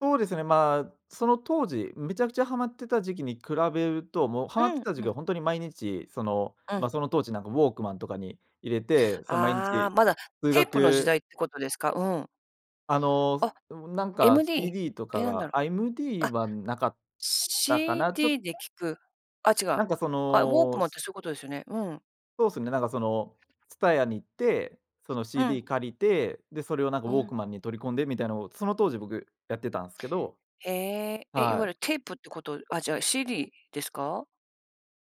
そうですね、まあ、その当時、めちゃくちゃハマってた時期に比べると、もうハマっうてん、た時う期ん。は、ほんとに毎日、その、うん。まあ、その当時なんか、ウォークマンとかに入れて、そん毎ああ、日まだ数テープの時学代って事ですか？うん。あの、あ、なんか MD？CD とえ、か何だが、ろう、あ、MD あ、はなかっしたかな、ちょっ CD で聞く、あ、違う、なんか、そあ、ウォークの、マンっすて、そういう事ですよね？うん。そうすね、なんかその、TSUTAYA に行って、そのうん。CD 借りて、で、それを、なんかウうォークん。マンに取り込んでみたいなのを、その当時、僕やってたんっすけど、ええ、え、いはわゆい。るテープって事あ、じゃ、CD ですか？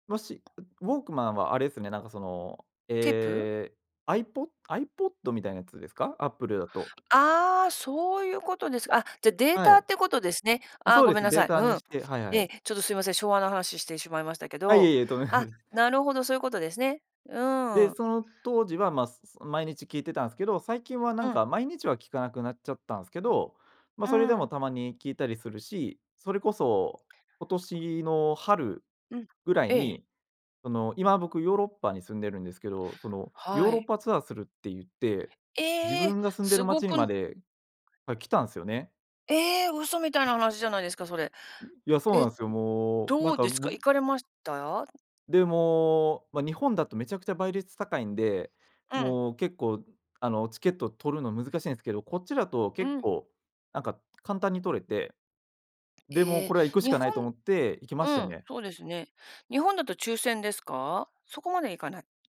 もし、うウォークマンはあれすね、なんかその、テープ？ええ、アイポ iPod みたいなやつですか？アップルだと。ああ、そういう事です、あ、じゃあ、デーはタっい。て事ですね。あ、あ、そうごでめんす。なデさーい。タふにん、して、はいはね、い。ちょっと、すいません、昭和な話してしまいましたけあ、いど、えいえ、とめなあ、ぐ。なるほど、そういう事ですね。うで、ーん。その当時は、まあ、毎日聞いてたんすけど、最近は、なうんん。か毎日は聞かなくなっちゃったんすけど、まあ、うそれでも、ん。たまに聞いたりするし、それこそ、今年の春うん、ぐらいええ。に、その、今僕ヨーロッパに住んでるんですけど、その、ヨーはロッい。パツアーするって言って、自ええ、分が住んでる凄街にくまんで、あ、来たんすよね。ええ、嘘みたいうなん。話じゃないですか、それ。うん、いや、そうえ、なうんすよ、もう、などんうかですか？行僕かれました？で、もう、ま、日本だと、めちゃくちゃ倍率高いんで、うん。もう結構、あの、チケット取るの難しいんすけど、こっちだとう結ん。構、なんか簡単に取れて、で、もう、ええ、これは行くし日かな本いと思って行きまうしたん、ね。そうですね。日本だと抽選ですか？そこまでいかない？